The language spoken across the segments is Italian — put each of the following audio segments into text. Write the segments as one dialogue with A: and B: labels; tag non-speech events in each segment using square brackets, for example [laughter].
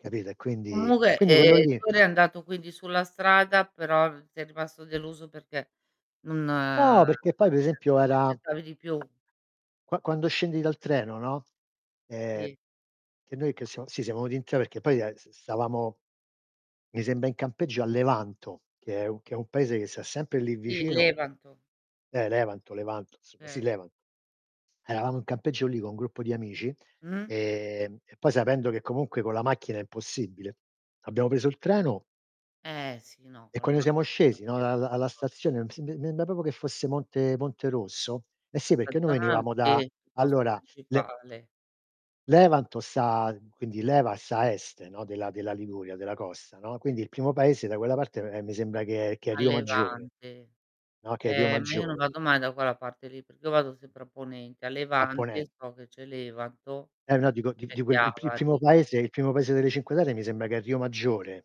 A: Capito? E quindi
B: Comunque
A: quindi quello
B: ehm,
A: lì.
B: tu eri andato quindi sulla strada però sei rimasto deluso perché non
A: No, perché poi
B: [unintelligible]
A: per esempio
B: ti
A: era
B: aspettavi di più.
A: qua quando scendi dal treno, no. Ehm,
B: Sì.
A: che noi che siamo sì siamo venuti in 3 perché poi, ehm, s stavamo mi sembra in campeggio a Levanto che è un che è un paese che sta sempre lì
B: Sì,
A: vicino.
B: Levanto.
A: Eh Levanto, Levanto insomma sì,
B: Okay.
A: Levanto. Eravamo in campeggio lì, con un gruppo di amici,
B: Mh-mh.
A: ehm, e poi sapendo che comunque con la macchina è impossibile, abbiamo preso il treno
B: Eh sì, no
A: e
B: quello
A: quando siamo scesi no, dal alla
B: [unintelligible]
A: stazione m mi sem m em proprio che fosse Monte Monte Rosso. Eh sì
B: Questa
A: perché noi
B: zona
A: venivamo
B: sì,
A: da,
B: il posto
A: allora le
B: principale.
A: Levanto sta quindi leva sta a est, no, della della Liguria, della costa, no. Quindi il primo paese da quella parte ehm, mi sembra che è che è
B: A
A: Riomaggiore.
B: levante.
A: No, che è
B: Eh ma io non
A: Riomaggiore.
B: vado mai da quella parte lì, perché io vado sempre a ponente. A
A: A
B: levante
A: ponent
B: so che c'è Levanto
A: Eh no dico di
B: e
A: di quel il p il primo
B: Chiavari.
A: paese il primo paese delle Cinque Terre mi sembra che è Riomaggiore.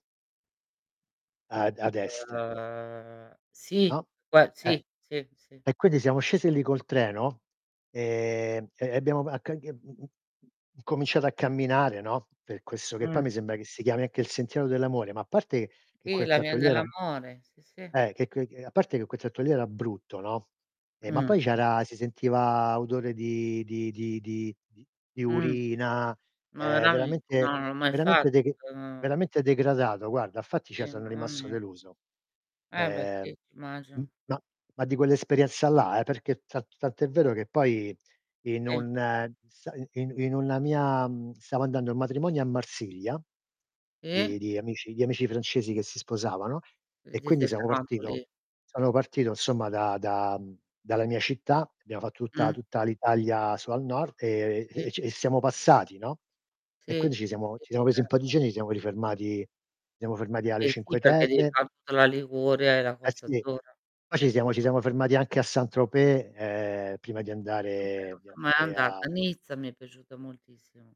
A: Ad ad est.
B: Uhm, sì,
A: No?
B: gua
A: Eh.
B: sì, sì, sì.
A: E quindi siamo scesi lì col treno e e e abbiamo a che c mhmm, incominciato a camminare, no, per questo che poi mi
B: Mh.
A: sembra che si chiami anche il sentiero dell'amore, ma a parte che dche
B: Sì,
A: quel
B: la
A: tratto
B: Via
A: lì era
B: dell'amore, sì, sì.
A: eh che che a parte che quel tratto lì era brutto, no, e ma
B: Mh.
A: poi c'era si sentiva odore di di di di di di
B: Mh.
A: urina,
B: Ma
A: ehm,
B: veramente? No,
A: veramente
B: non l'ho mai
A: veramente
B: fatto,
A: deg
B: quello no
A: veramente degradato guarda, fatti cioè
B: Sì,
A: sono
B: mamma
A: rimasto
B: mia.
A: deluso.
B: Eh beh
A: Ehm
B: sì,
A: m
B: immagino.
A: ma ma di quell'esperienza là eh, perché ta tant'è vero che poi in
B: Sì.
A: un sa i in una mia, mhmm, stavo andando a un matrimonio a Marsiglia,
B: E
A: di di amici di amici francesi che si sposavano e
B: Quin ti
A: quindi
B: sei
A: siamo
B: fermato
A: partito
B: lì.
A: sono partito insomma da da mhmm, dalla mia città, abbiamo fatto tutta-
B: Mh.
A: tutta l'Italia su al nord e
B: Sì.
A: e c e siamo passati, no.
B: Sì.
A: E
B: Sì,
A: quindi ci siamo
B: sì,
A: ci siamo presi un po' di
B: certo.
A: giorni, ci siamo rifermati ci siamo fermati alle
B: Eh sì
A: Cinque
B: perché devi
A: Terre
B: far tutta la Liguria e la
A: Eh
B: Costa
A: sì.
B: Azzurra.
A: Poi ci siamo ci siamo fermati anche a Saint-Tropez, ehm, prima di
B: Saint-Tropez,
A: andare
B: non
A: di
B: son mai
A: andare a
B: andata. Nizza mi è piaciuta moltissimo.